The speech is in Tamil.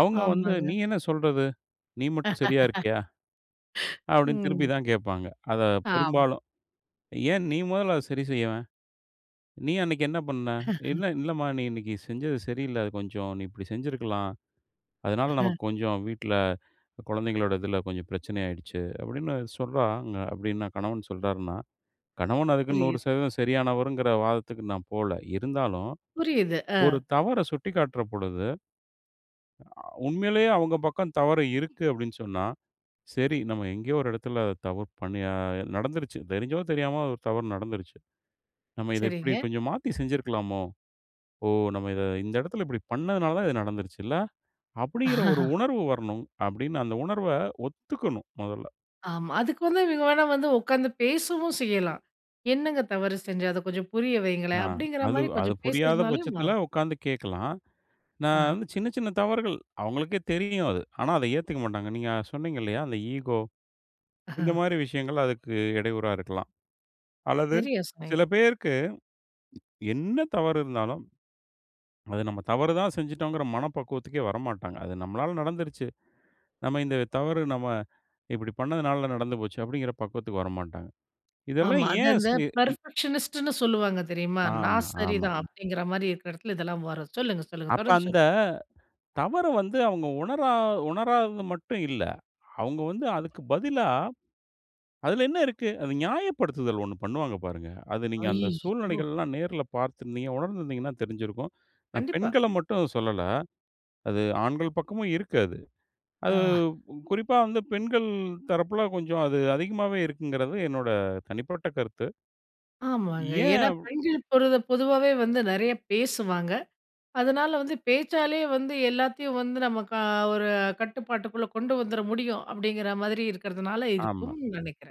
அவங்க வந்து, "நீ ஆமாங்க. என்ன சொல்றது? நீ மட்டும் சரியாருக்கியா?" அப்டின்னு திருப்பி ம். தான் கேட்பாங்க. அத ஆமா. பெரும்பாலும். "ஏன் நீ முதல்ல அத சரி செய்யவேன்? நீ அன்னைக்கு என்ன பண்ண? என்ன?" "இல்லம்மா நீ இன்னைக்கு செஞ்சது சரியில்ல, அத கொஞ்சம் நீ இப்டி செஞ்சிருக்கலாம். அதனால நமக்கு கொஞ்சம் வீட்டுல. குழந்தைங்களோட இதுல கொஞ்சம் பிரச்சன ஆயிடுச்சு" அப்டின்னு சொல்றாங்க, அப்டின்னா கணவன் சொல்றாருன்னா. கணவன் அதுக்குன்னு நூறு புரியுது. சதவீதம் சரியானவருங்கற வாதத்துக்கு நான் போல. இருந்தாலும், புரியுது. ஒரு அ. தவற சுட்டிக்காட்டுற பொழுது. அ உண்மயிலேயே அவங்க பக்கம் தவறு இருக்கு அப்டின்னு சொன்னா. "சரி நம்ம எங்கேயோ ஒரு இடத்துல தவறு பண்ணி அ நடந்துருச்சு. தெரிஞ்சோ தெரியாமோ ஒரு தவறு நடந்துருச்சு. நம்ம இத இப்டி சரிங்க. கொஞ்சம் மாத்தி செஞ்சுருக்கலாமோ? ஓ! நம்ம இத இந்த இடத்துல இப்டி பண்ணதனால தான் இது நடந்துருச்சு இல்ல?" அப்டிங்கிற ஒரு உணர்வு வரணும். அப்டின்னு அந்த உணர்வ ஒத்துக்கணும் மொதல்ல. ஆமா. அதுக்கு வந்து இவங்க வேணா வந்து உட்கார்ந்து பேசவும் செய்யலாம்! "என்னங்க தவறு செஞ்ச, அத கொஞ்சம் புரிய அ. வையுங்களேன்" அப்டிங்கற அது, மாரி அத கொஞ்சம் புரியாத பேசுறதுனாலயும் பட்சத்துல மாறும். உட்கார்ந்து கேட்கலாம். நான் அ. வந்து சின்ன, சின்ன தவறுகள். அவங்களுக்கே தெரியும் அது. ஆனா அத ஏத்துக்க மாட்டாங்க. நீங்க சொன்னீங்க இல்லையா? அந்த ஈகோ இந்த மாரி விஷயங்கள் அதுக்கு இடையூறா இருக்கலாம். அல்லது தெரியும். சில [unintelligible] பேருக்கு என்ன தவறு இருந்தாலும், "அது நம்ம தவறு தான் செஞ்சுட்டோம்ங்கற" மனப்பக்குவத்துக்கே வரமாட்டாங்க. "அது நம்மலாள நடந்துருச்சு. நம்ம இந்த தவறு நம்ம இப்டி பண்ணதனால நடந்து போச்சு." அப்டிங்கிற பக்குவத்துக்கு வரமாட்டாங்க. இதெல்லாம் ஆமா, அது ஏன்? அந்த செ இ பெர்ஃபெக்ஷனிஸ்ட்ன்னு சொல்லுவாங்க தெரியுமா? ஆமா, "நான் ஆமா. சரிதான்." அப்டிங்கற மாரி இருக்குற இடத்துல இதெல்லாம் வரும். சொல்லுங்க, சொல்லுங்க, அப்ப தொடர்ந்து சொல் அந்த தவற வந்து அவங்க உணரா உணராதது மட்டும் இல்ல. அவங்க வந்து அதுக்கு பதிலா, "அதுல என்ன இருக்கு?" அது ஞாயப்படுத்துதல் ஒண்ணு பண்ணுவாங்க பாருங்க. அது நீங்க அந்த அய்யோ! சூழ்நிலைகள்லாம் நேர்ல பாத்துருந்தீங்க உணர்ந்திருந்தீங்கன்னா தெரிஞ்சிருக்கும். நான் கண்டிப்பா. பெண்கள மட்டும் சொல்லல. அது ஆண்கள் பக்கமும் இருக்கு அது. அது அ. உ குறிப்பா வந்து பெண்கள் தரப்புல கொஞ்சம் அது அதிகமாவே இருக்குங்கிறது என்னோட தனிப்பட்ட கருத்து. ஆமாங்க. ஏன்? ஏன்னா அவ் பெண்கள் பொரு பொதுவாவே வந்து நிறையா பேசுவாங்க. அதனால வந்து பேச்சாலேயே வந்து, எல்லாத்தையும் வந்து நமக்கா ஒரு கட்டுப்பாட்டுக்குள்ள கொண்டு வந்துரமுடியும் அப்டிங்கற மாரி இருக்கறதுனால ஆமா. இருக்கும்னு நினைக்கிறேன்.